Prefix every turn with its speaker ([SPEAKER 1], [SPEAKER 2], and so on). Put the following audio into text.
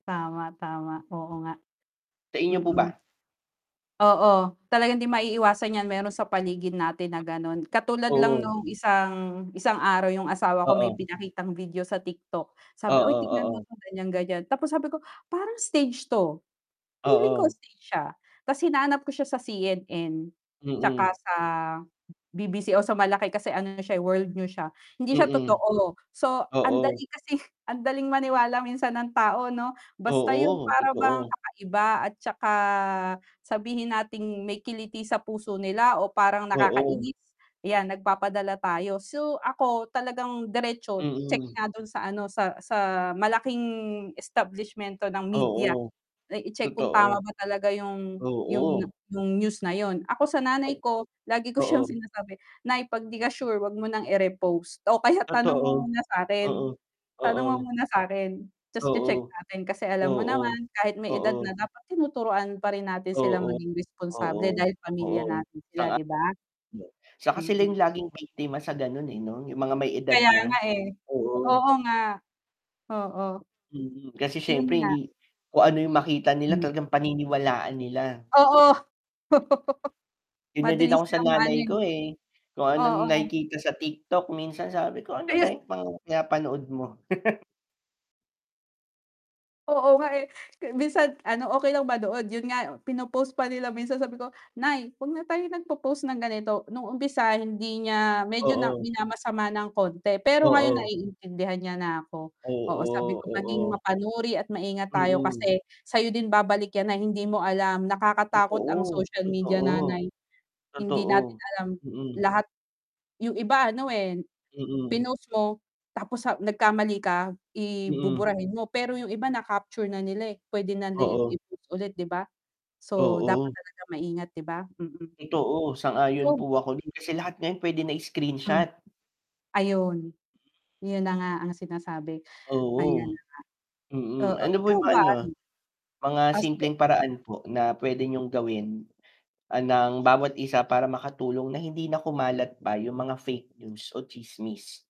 [SPEAKER 1] Tama, tama, oo nga.
[SPEAKER 2] Sa inyo po
[SPEAKER 1] Mm.
[SPEAKER 2] ba?
[SPEAKER 1] Oo, talagang hindi maiiwasan yan meron sa paligid natin na, gano'n, katulad lang
[SPEAKER 2] Oo.
[SPEAKER 1] nung isang isang araw yung asawa ko may
[SPEAKER 2] Oo.
[SPEAKER 1] ipakitang video sa TikTok, sabi, "Uy,
[SPEAKER 2] Oo,
[SPEAKER 1] tignan mo
[SPEAKER 2] oo.
[SPEAKER 1] ganyan, ganyan." Tapos sabi ko, "Parang stage to, feeling ko
[SPEAKER 2] Oo.
[SPEAKER 1] stage siya." Tas hinanap ko siya sa CNN. tsaka
[SPEAKER 2] Mm.
[SPEAKER 1] sa BBC o sa malaki kasi ano na siya, eh, World News siya. Hindi siya
[SPEAKER 2] Mm.
[SPEAKER 1] totoo, so
[SPEAKER 2] Oo.
[SPEAKER 1] andali kasi andaling maniwala minsan ng tao, 'no, basta yung
[SPEAKER 2] Oo,
[SPEAKER 1] para bang
[SPEAKER 2] totoo.
[SPEAKER 1] kakaiba at saka sabihin natin may kiliti sa puso nila o parang
[SPEAKER 2] Oo.
[SPEAKER 1] nakakainis, yan, nagpapadala tayo. So, ako talagang diretso check
[SPEAKER 2] Mm.
[SPEAKER 1] nga dun sa, ano, sa sa malaking establishment 'to ng media.
[SPEAKER 2] Oo,
[SPEAKER 1] Eh, i-check kung tama
[SPEAKER 2] totoo.
[SPEAKER 1] ba talaga yung yung
[SPEAKER 2] Oo.
[SPEAKER 1] yung news na yun. Ako sa nanay
[SPEAKER 2] Oh,
[SPEAKER 1] ko, lagi ko siyang
[SPEAKER 2] oo.
[SPEAKER 1] sinasabi, "Nay, 'pag 'di ka sure, wag mo ng ire-repost o kaya tanong mo
[SPEAKER 2] Totoo,
[SPEAKER 1] muna sa'kin,
[SPEAKER 2] mm.
[SPEAKER 1] tanong mo
[SPEAKER 2] Oo.
[SPEAKER 1] muna sa'kin tas
[SPEAKER 2] Oo.
[SPEAKER 1] che-check natin." Kasi alam mo
[SPEAKER 2] Oo.
[SPEAKER 1] naman, kahit may edad
[SPEAKER 2] Oo.
[SPEAKER 1] na, dapat tinuturuan pa rin natin sila
[SPEAKER 2] Oo,
[SPEAKER 1] maging responsable
[SPEAKER 2] oo.
[SPEAKER 1] dahil pamilya
[SPEAKER 2] Oo.
[SPEAKER 1] natin sila,
[SPEAKER 2] Sang-a
[SPEAKER 1] 'di ba?
[SPEAKER 2] Saka sila
[SPEAKER 1] Mm.
[SPEAKER 2] yung laging biktima sa ganun, eh, 'no, yung mga may edad
[SPEAKER 1] Kaya nga,
[SPEAKER 2] na,
[SPEAKER 1] eh.
[SPEAKER 2] oo.
[SPEAKER 1] Oo nga, oo.
[SPEAKER 2] Mm, kasi
[SPEAKER 1] Iyon
[SPEAKER 2] siyempre
[SPEAKER 1] nga.
[SPEAKER 2] hindi kung ano yung makita nila,
[SPEAKER 1] Hmm.
[SPEAKER 2] talagang paniniwalaan nila.
[SPEAKER 1] Oo,
[SPEAKER 2] Ganyan din
[SPEAKER 1] madali
[SPEAKER 2] ako sa
[SPEAKER 1] silang ma-ano,
[SPEAKER 2] nanay
[SPEAKER 1] eh.
[SPEAKER 2] ko, eh, kung ano
[SPEAKER 1] Oo.
[SPEAKER 2] nakikita sa TikTok, minsan sabi ko, "Ano ba
[SPEAKER 1] Ayun.
[SPEAKER 2] yung mga pinapanood mo."
[SPEAKER 1] Oo nga, eh, ke minsan, ano, okey lang ba doon, yun nga pino-post pa nila minsan, sabi ko, "Nay, wag na tayo nagpo-post ng ganito." Nung umpisa hindi niya medyo na
[SPEAKER 2] Oo.
[SPEAKER 1] minamasama ng konti pero ngayon,
[SPEAKER 2] Oo.
[SPEAKER 1] naiintindihan niya na ako oo, sabi
[SPEAKER 2] Oo,
[SPEAKER 1] ko, "Maging
[SPEAKER 2] oo.
[SPEAKER 1] mapanuri at maingat tayo
[SPEAKER 2] Mm.
[SPEAKER 1] kasi sa'yo din babalik yan na hindi mo alam nakakatakot ang
[SPEAKER 2] Totoo,
[SPEAKER 1] social media,
[SPEAKER 2] totoo.
[SPEAKER 1] nanay hindi
[SPEAKER 2] Totoo,
[SPEAKER 1] natin alam
[SPEAKER 2] mm.
[SPEAKER 1] lahat." Yung iba, ano, eh,
[SPEAKER 2] Mm.
[SPEAKER 1] pinost mo tapos sa nagkamali ka, i
[SPEAKER 2] Mm.
[SPEAKER 1] buburahin mo, pero yung iba na-capture na nila, eh, pwede na nila
[SPEAKER 2] Oo.
[SPEAKER 1] i-post ulit, 'di ba? So dapat
[SPEAKER 2] Oo.
[SPEAKER 1] talaga maingat, 'di ba mm.
[SPEAKER 2] Totoo, sang-ayon
[SPEAKER 1] Ikaw
[SPEAKER 2] po ako din kasi lahat ngayon pwede na
[SPEAKER 1] Hmm,
[SPEAKER 2] i-screenshot.
[SPEAKER 1] ayun, yun na nga ang sinasabi. Ayan
[SPEAKER 2] Oo,
[SPEAKER 1] na nga,
[SPEAKER 2] mm.
[SPEAKER 1] oo,
[SPEAKER 2] Ano po
[SPEAKER 1] ikaw
[SPEAKER 2] yung mga,
[SPEAKER 1] ba,
[SPEAKER 2] ano,
[SPEAKER 1] ano?
[SPEAKER 2] mga
[SPEAKER 1] Ah, sige.
[SPEAKER 2] simpleng paraan po na pwede niyong gawin, ah, ng bawat isa para makatulong na hindi na kumalat pa yung mga fake news o tsismis?